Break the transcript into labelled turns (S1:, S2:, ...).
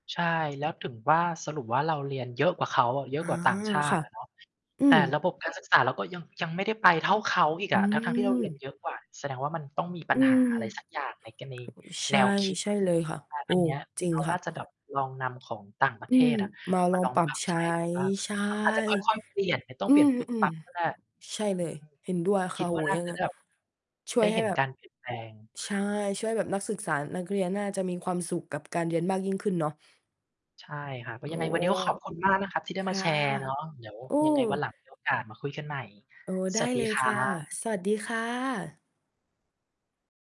S1: ใช่ แล้วถึงว่าสรุปว่า เราเรียนเยอะกว่าเขาอะ เยอ
S2: อ
S1: ะ
S2: ๋อ
S1: กว่าต่างชาต
S2: ค
S1: ิ
S2: ่ะ
S1: อะเนาะ
S2: อื
S1: แต่
S2: ม
S1: ระบบการศึกษาเราก็ยัง ยังไม่ได้ไปเท่าเขาอีก
S2: อ
S1: อ
S2: ื
S1: ะ ทั้ง ๆ ที่เราเรีย
S2: ม
S1: นเยอะกว่า แสดงว่ามันต้องมีปั
S2: อ
S1: ญ
S2: ื
S1: ห
S2: ม
S1: าอะไรสักอย่าง ในกรณี
S2: โอ๊ย ใช
S1: แน
S2: ่
S1: วคิด
S2: ใช่เลยค่ะ โอ้
S1: อันเนี้ย
S2: จริง
S1: เขา
S2: ค่
S1: น่า
S2: ะ
S1: จะแบบลองนำของต่างประ
S2: อ
S1: เ
S2: ื
S1: ท
S2: ม
S1: ศอะ
S2: มา
S1: ม
S2: ล
S1: า
S2: อ
S1: ล
S2: ง
S1: อง
S2: ปรั
S1: ป
S2: บ
S1: รับ
S2: ใช
S1: ใช
S2: ้
S1: ้ดูบ้าง
S2: ใช่
S1: อาจจะค่อย ๆ เปลี่ยนไม่ต้อ
S2: อ
S1: ง
S2: ื
S1: เปลี่ย
S2: อ
S1: นปุ๊
S2: ๆ
S1: บ
S2: อื
S1: ป
S2: ม
S1: ั๊บก็ได้
S2: ใช่เ
S1: อ
S2: ล
S1: ื
S2: ย
S1: ม
S2: เห็นด้วย
S1: ค
S2: ค
S1: ิ
S2: ่ะ
S1: ด
S2: โอ
S1: ว
S2: ้
S1: ่าน่า
S2: ยัง
S1: จะ
S2: ไง
S1: ได้ แบบ
S2: ช่
S1: ได
S2: วย
S1: ้
S2: ให
S1: เ
S2: ้
S1: ห็น
S2: แบ
S1: ก
S2: บ
S1: ารเปลี่ยนแปลง
S2: ใช่ ช่วยแบบนักศึกษา นักเรียนน่าจะมีความสุขกับการเรียนมากยิ่งขึ้นเนาะ
S1: ใช่ครับ อ๋อ
S2: โอ้
S1: ยังไงวันนี้ก็ ขอบคุณมากนะครับที่ได้
S2: ค
S1: มา
S2: ่ะ
S1: แชร์เนาะ เดี๋ยว
S2: โอ้
S1: ยังไงวันหลัง มี โอกาสมาคุยกันใหม่
S2: ให้นี่ก่อนไหม? โอ้ ได
S1: ส
S2: ้
S1: วัสด
S2: เล
S1: ี
S2: ย
S1: คร
S2: ค
S1: ั
S2: ่ะ
S1: บ
S2: สวัสดีค่ะ